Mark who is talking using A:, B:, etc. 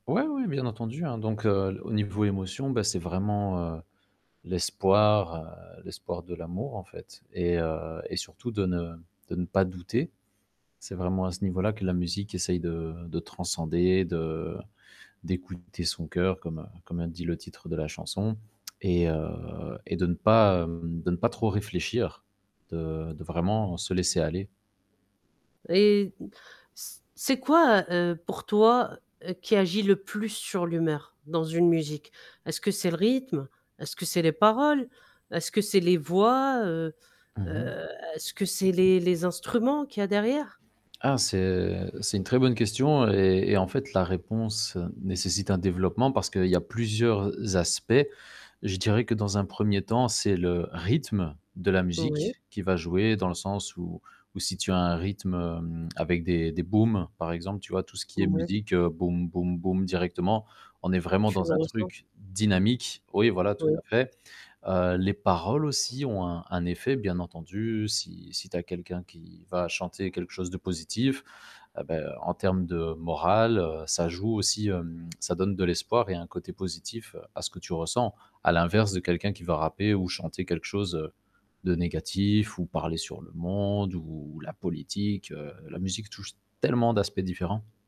A: Ouais, oui, bien entendu, hein, donc heu, au niveau émotion, beh, c'est vraiment, heu, l'espoir, heu, l'espoir de l'amour, en fait et heu, et surtout de ne de ne pas douter. C'est vraiment à ce niveau-là que la musique essaye de de transcender, de d'écouter son coeur comme comme a dit le titre de la chanson et heu, et de ne pas, hem, de ne pas trop réfléchir, de de vraiment se laisser aller.
B: Et c c'est quoi, heu, pour toi, heu, qui agit le plus sur l'humeur dans une musique? Est-ce que c'est le rythme? Est-ce que c'est les paroles? Est-ce que c'est les voix, heu
A: Mmh mh.
B: heu, est-ce que c'est les les instruments qu'il y a derrière?
A: Ah, c'est c'est une très bonne question et et en fait, la réponse nécessite un développement parce qu'il y a plusieurs aspects. Je dirais que dans un 1er temps, c'est le rythme de la
B: Oui.
A: musique qui va jouer, dans le sens où où si tu as un rythme, hem, avec des des booms par exemple, tu vois? Tout ce qui est
B: Ouais.
A: musique boom boom boom directement, on est vraiment
B: Tu
A: dans
B: le
A: un
B: ressens.
A: truc dynamique. Oui, voilà tout à
B: Oh.
A: fait, heu, les paroles aussi ont un un effet bien entendu si si tu as quelqu'un qui va chanter quelque chose de positif, ah beh, en termes de moral, heu, ça joue aussi, hem, ça donne de l'espoir et un côté positif à ce que tu ressens, à l'inverse de quelqu'un qui va rapper ou chanter quelque chose, heu, de négatif ou parler sur le monde ou la politique, heu, la musique touche tellement d'aspects différents.